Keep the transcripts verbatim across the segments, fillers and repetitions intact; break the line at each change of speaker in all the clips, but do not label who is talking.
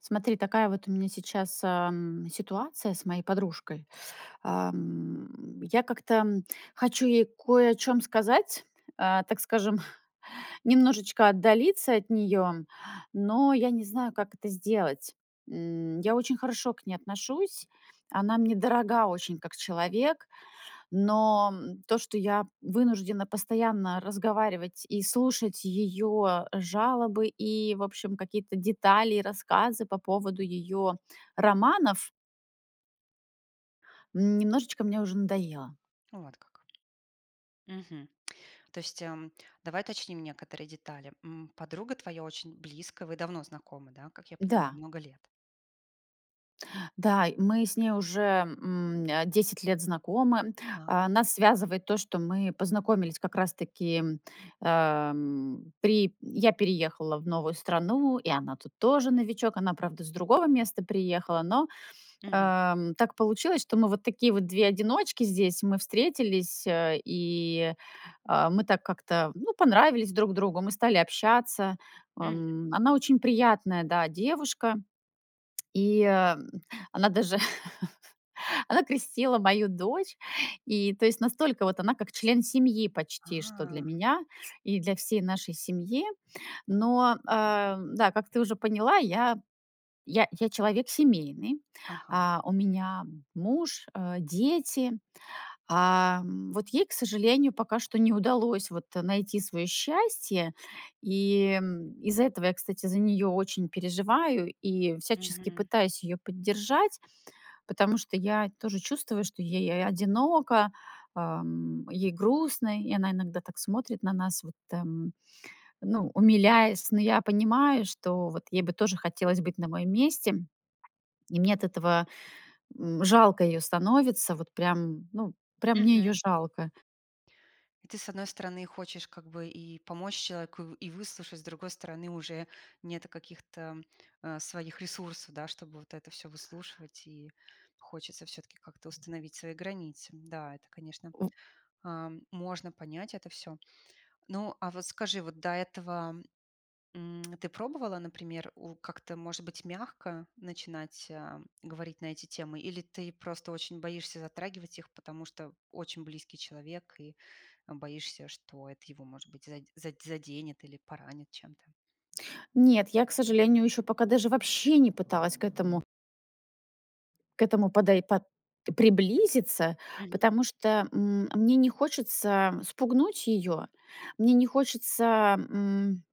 Смотри, такая вот у меня сейчас, эм, ситуация с моей подружкой. Эм. Я как-то хочу ей кое о чём сказать, а, так скажем, немножечко отдалиться от неё, но я не знаю, как это сделать. М, я очень хорошо к ней отношусь. Она мне дорога очень как человек, но то, что я вынуждена постоянно разговаривать и слушать её жалобы, и в общем какие-то детали, и рассказы по поводу её романов немножечко мне уже надоело.
Вот как. Мгм. То есть, эм, давай уточним некоторые детали. М, подруга твоя очень близкая, вы давно знакомы, да, как я понимаю,
Да.
много лет.
Да, мы с ней уже, м, э, десять лет знакомы.
А.
А, нас связывает то, что мы познакомились как раз-таки, эм, при я переехала в новую страну, и она тут тоже новичок. Она, правда, с другого места приехала, но,
Мгм.
э, так получилось, что мы вот такие вот две одиночки. Здесь мы встретились, э, и, а, мы так как-то, ну, понравились друг другу, мы стали общаться.
Мгм.
М, она очень приятная, да, девушка и она даже, она крестила мою дочь. И то есть настолько вот она как член семьи почти что для
А.
меня и для всей нашей семьи. Но, э, да, как ты уже поняла, я я я человек семейный.
Ага.
А, у меня муж, э, дети. А вот ей, к сожалению, пока что не удалось вот найти свое счастье. И из-за этого я, кстати, за нее очень переживаю и всячески
Мгм.
пытаюсь ее поддержать, потому что я тоже чувствую, что ей а одиноко, ам, ей грустно. И она иногда так смотрит на нас, вот, там, ну, умиляясь. Но я понимаю, что вот ей бы тоже бы хотелось быть на моем месте. И мне от этого, м, жалко ее становится. Вот прям ну, прям мне ее
Мгм.
жалко.
И ты, с одной стороны, хочешь как бы и помочь человеку, и выслушать, с другой стороны, уже нет каких-то, э, своих ресурсов, да, чтобы вот это всё выслушивать, и хочется всё-таки как-то установить свои границы. Да, это, конечно,
У.
э, можно понять это всё. Ну, а вот скажи, вот до этого, м, ты пробовала, например, у как-то может быть мягко начинать, а, говорить на эти темы, или ты просто очень боишься затрагивать их, потому что очень близкий человек и боишься, что это его, может быть, зад зад заденет или поранит чем-то?
Нет, я к сожалению еще пока даже вообще не пыталась к этому к этому подой под приблизиться,
Мгм.
потому что, м, мне не хочется спугнуть ее, мне не хочется м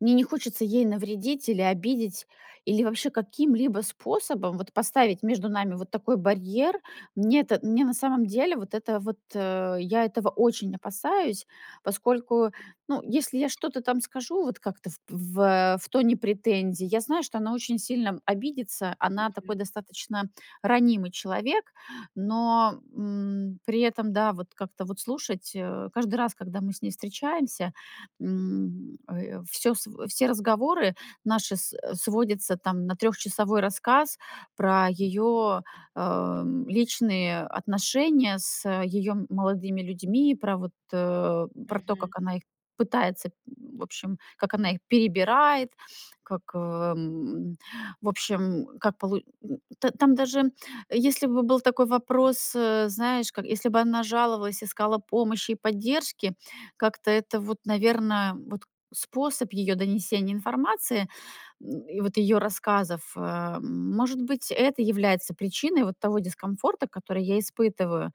Мне не хочется ей навредить или обидеть, или вообще каким-либо способом вот поставить между нами вот такой барьер. Мне это мне на самом деле вот это вот э, я этого очень опасаюсь, поскольку, ну, если я что-то там скажу вот как-то в в в тоне претензий, я знаю, что она очень сильно обидится. Она такой
Мгм.
достаточно ранимый человек. Но, м, при этом, да, вот как-то вот слушать, э, каждый раз, когда мы с ней встречаемся, м, э, всё сво все разговоры наши с сводятся там на трехчасовой рассказ про ее, эм, личные отношения с, э, ее молодыми людьми, про вот, э, про то,
Мгм.
как она их пытается, в общем, как она их перебирает, как, эм, в общем, как полу м. Т там даже, если бы был такой вопрос, э, знаешь, как если бы она жаловалась, искала помощи и поддержки, как-то это вот, наверно, вот способ ее донесения информации и вот ее рассказов, э Может быть, это является причиной вот того дискомфорта, который я испытываю.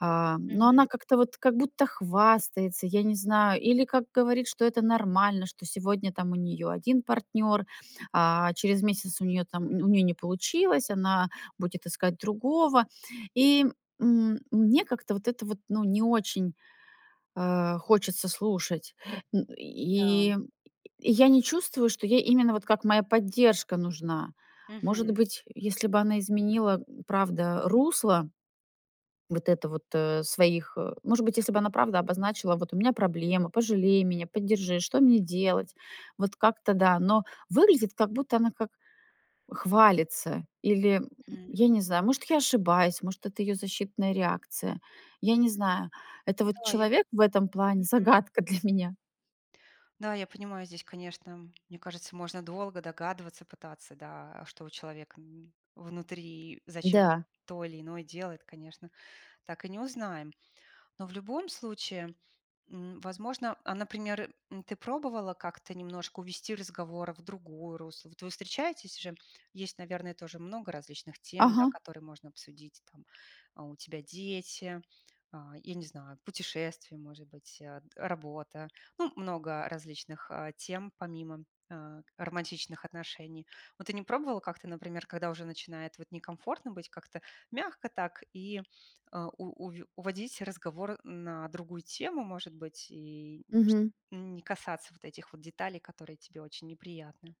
А, но
Мгм.
она как-то вот, как будто хвастается, я не знаю. Или как говорит, что это нормально, что сегодня там у нее один партнер, а через месяц у нее там, у нее не получилось, она будет искать другого. И, м, мне как-то вот это вот, ну не очень, э, хочется слушать
Да.
и, э, я не чувствую, что ей именно вот как моя поддержка нужна. Может
Мгм.
быть, если бы она изменила, правда, русло вот это вот, э, своих э. Может быть, если бы она правда обозначила: "Вот у меня проблемы, пожалей меня, поддержи, что мне делать?" Вот как-то, да. Но выглядит, как будто она как хвалится или,
М.
я не знаю, может, я ошибаюсь, может, это ее защитная реакция, я не знаю, это вот
Да, я пон
человек в этом плане-
Мгм.
загадка для меня.
Да, я понимаю, здесь, конечно, мне кажется, можно долго догадываться, пытаться, да, а что у человека внутри, и зачем
Да.
то или иное делает, конечно, так и не узнаем. Но в любом случае, м, возможно, например, ты пробовала как-то немножко увести разговор в другое русло? Вот вы встречаетесь уже, есть наверное тоже много различных тем, да,
Ага.
которые можно обсудить, там. У тебя дети, а, я не знаю, путешествия, может быть, э, работа. Ну, много различных, а, тем, помимо, а, романтичных отношений. Вот, ты не пробовала как-то, например, когда уже начинает вот, некомфортно быть, как-то мягко так и, э, у уве уводить разговор на другую тему, может быть, и шт
Мгм.
не касаться вот этих вот деталей, которые тебе очень неприятны?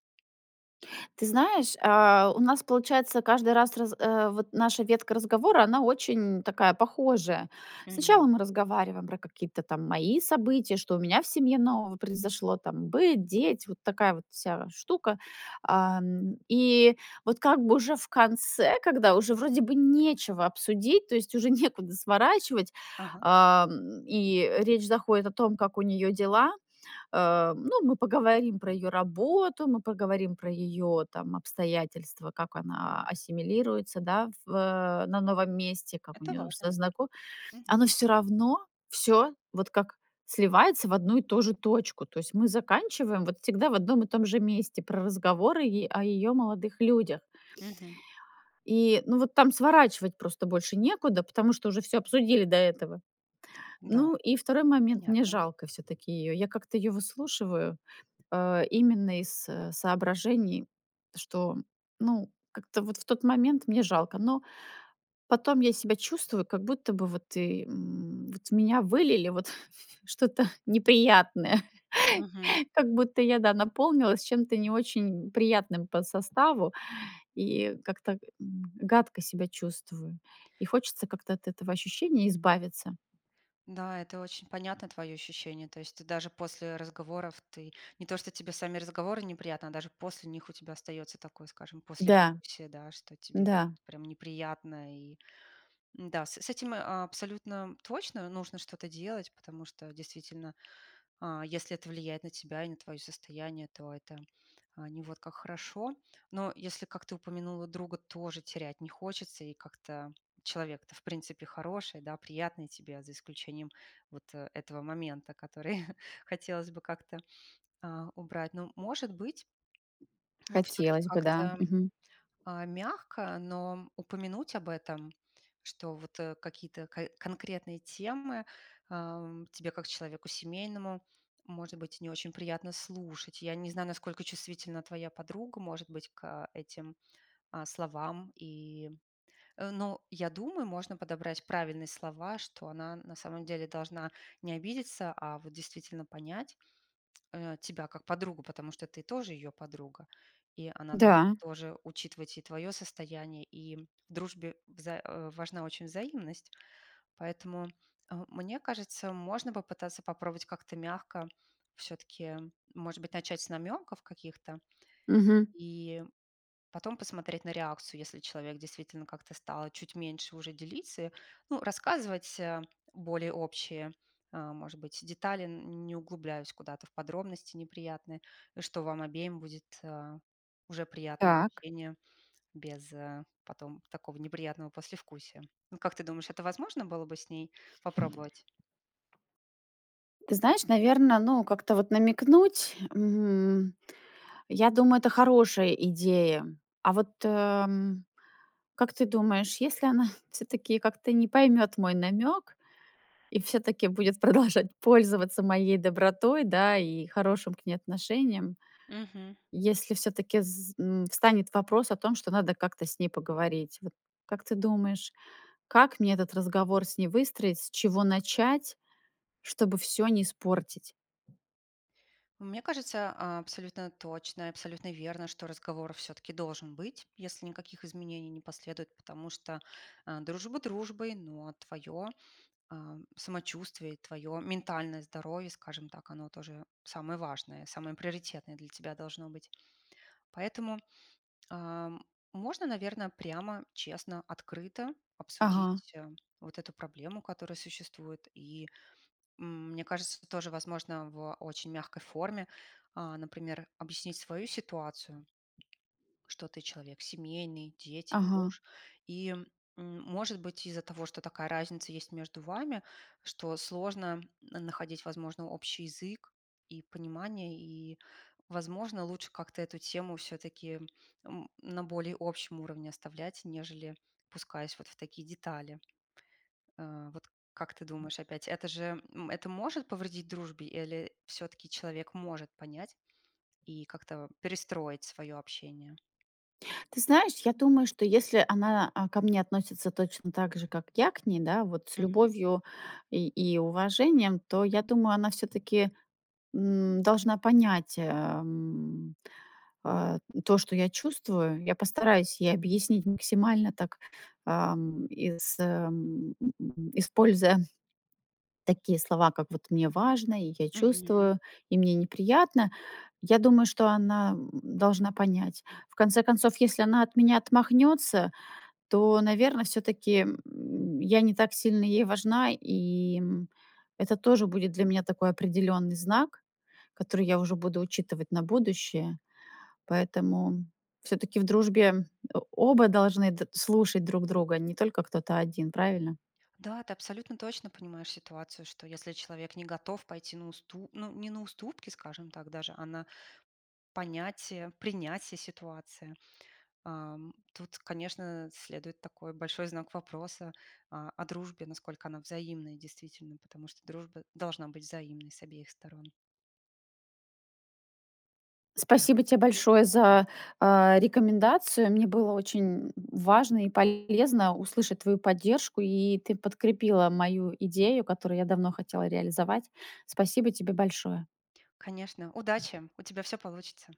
Ты знаешь, а, у нас получается, каждый раз раз, э, вот, наша ветка разговора, она очень такая похожая. Сначала
Мгм.
мы разговариваем про какие-то, там, мои события. Что у меня в семье нового произошло, там, быт, дети, вот такая вот вся штука. Ам, и вот как бы уже в конце, когда уже вроде бы нечего обсудить, то есть уже некуда сворачивать,
Ага.
ам, и речь заходит о том, как у неё дела. Э, ну, мы поговорим про её работу, мы поговорим про её там, обстоятельства, как она ассимилируется, да, в, э, на новом месте, как у
Это
неё
важно,
со
да.
знако
Мгм.
Оно всё равно всё вот как сливается в одну и ту же точку. То есть мы заканчиваем вот всегда в одном и том же месте про разговоры е о её молодых людях.
Мгм.
И ну, вот там сворачивать просто больше некуда, потому что уже всё обсудили до этого.
Да,
Ну и второй момент, мне
понятно.
жалко все-таки её. Я как-то ее выслушиваю, а, именно из соображений, что, ну, как-то вот в тот момент мне жалко. Но. Потом я себя чувствую, как будто бы вот ы м, вот, в меня вылили вот что-то неприятное,
Мгм.
как будто я, да, наполнилась чем-то не очень приятным по составу и как-то, м, гадко себя чувствую. И хочется как-то от этого ощущения избавиться.
Да, это очень понятно твои ощущения. То есть ты даже после разговоров ты не то, что тебе сами разговоры неприятны, даже после них у тебя остается такое, скажем,
Да.
послевкусие, да, что тебе
Да.
прямо неприятно. И м-да, с этим, э, абсолютно точно нужно что-то делать, потому что, действительно, а, если это влияет на тебя и на твоё состояние, то это не вот как хорошо. Но если, как ты упомянула, друга тоже терять не хочется, и как-то, человек-то в принципе хороший, да, приятный тебе, за исключением вот этого момента, который хотелось бы как-то, а, убрать. Но, может быть, все-таки
Хотелось бы, да.
как-то,
Мгм.
а, мягко, но упомянуть об этом, что, вот, какие-то ко-конкретные темы тебе, э, м, как человеку семейному, может быть, не очень приятно слушать. Я не знаю, насколько чувствительна твоя подруга, может быть, к этим, э, словам, и. Но я думаю, можно подобрать правильно слова, что она на самом деле должна не обидеться, а вот, действительно понять, э, тебя как подругу, потому что ты тоже её подруга, и она до
Да.
тоже учитывать и твоё состояние, и в дружбе вза э, важна очень взаимность. Поэтому, а, мне кажется, можно попытаться попробовать как-то мягко, всё-таки, может быть, начать с намёков каких-то,
Мгм.
и потом посмотреть на реакцию, если человек действительно как-то стал чуть меньше, уже делиться. Ну, рассказывать, а, более общие, э, может быть, детали, не углубляясь куда-то в подробности неприятные, что вам обеим будет, а, уже приятно
Так.
общение без потом такого неприятного послевкусия. Вот как ты думаешь, это возможно было бы с ней попробовать?
Ты знаешь, наверное, ну, как-то вот намекнуть, м. Я думаю, это хорошая идея. А вот, э, как ты думаешь, если она все-таки как-то не поймет мой намек, и все-таки будет продолжать пользоваться моей добротой, да, и хорошим к ней отношением,
Мгм.
если всё-таки, з м, встанет вопрос о том, что надо как-то с ней поговорить. Вот, как ты думаешь, как мне этот разговор с ней выстроить? С чего начать, чтобы всё не испортить?
Мне кажется, а, абсолютно точно и абсолютно верно, что разговор всё-таки должен быть, если никаких изменений не последует, потому что, а, дружба дружбой, но твоё, а, самочувствие, твоё ментальное здоровье, скажем так, оно тоже самое важное, самое приоритетное для тебя должно быть. Поэтому, а, можно, наверное, прямо, честно, открыто
Ага.
обсудить, а, вот эту проблему, которая существует. И мне кажется, это тоже возможно в очень мягкой форме, а, например, объяснить свою ситуацию, что ты человек семейный, дети,
Ага.
муж. И может быть, из-за того, что такая разница есть между вами, что сложно находить, возможно, общий язык и понимание, и, возможно, лучше как-то эту тему всё-таки, м, на более общем уровне оставлять, нежели опускаясь вот в такие детали. Э, вот как ты думаешь, опять, это же, это может повредить дружбе или всё-таки человек может понять и как-то перестроить свое общение?
Ты знаешь, я думаю, что если она, э, ко мне относится точно так же, как я к ней, да, вот с
Мгм.
любовью и, и уважением, то я думаю, она все-таки, м, должна понять, эм, э, то, что я чувствую. Я постараюсь ей объяснить максимально так, ам, ис м, используя такие слова, как вот мне важно, и я
Мгм.
чувствую, и мне неприятно. Я думаю, что она, м, должна понять. В конце концов, если она от меня отмахнется, то, наверное, все-таки, м, я не так сильно ей важна, и, м, это тоже будет для меня такой определенный знак, который я уже буду учитывать на будущее. Поэтому все-таки в дружбе, э, оба должны д слушать друг друга, не только кто-то один, правильно?
Да, ты абсолютно точно понимаешь ситуацию, что если человек не готов пойти на усту ну, не на уступки, скажем так даже, а на понятие, принятие ситуации, эм, тут, конечно, следует такой большой знак вопроса о о дружбе, насколько она взаимная, действительно. Потому что дружба должна быть взаимной с обеих сторон. Пон.
Спасибо те большое за, а, рекомендацию. Мне было очень, м, важно и полезно услышать твою поддержку и ты подкрепила мою идею, которую я давно хотела реализовать. Спасибо тебе большое!
Конечно, удачи, у тебя все получится.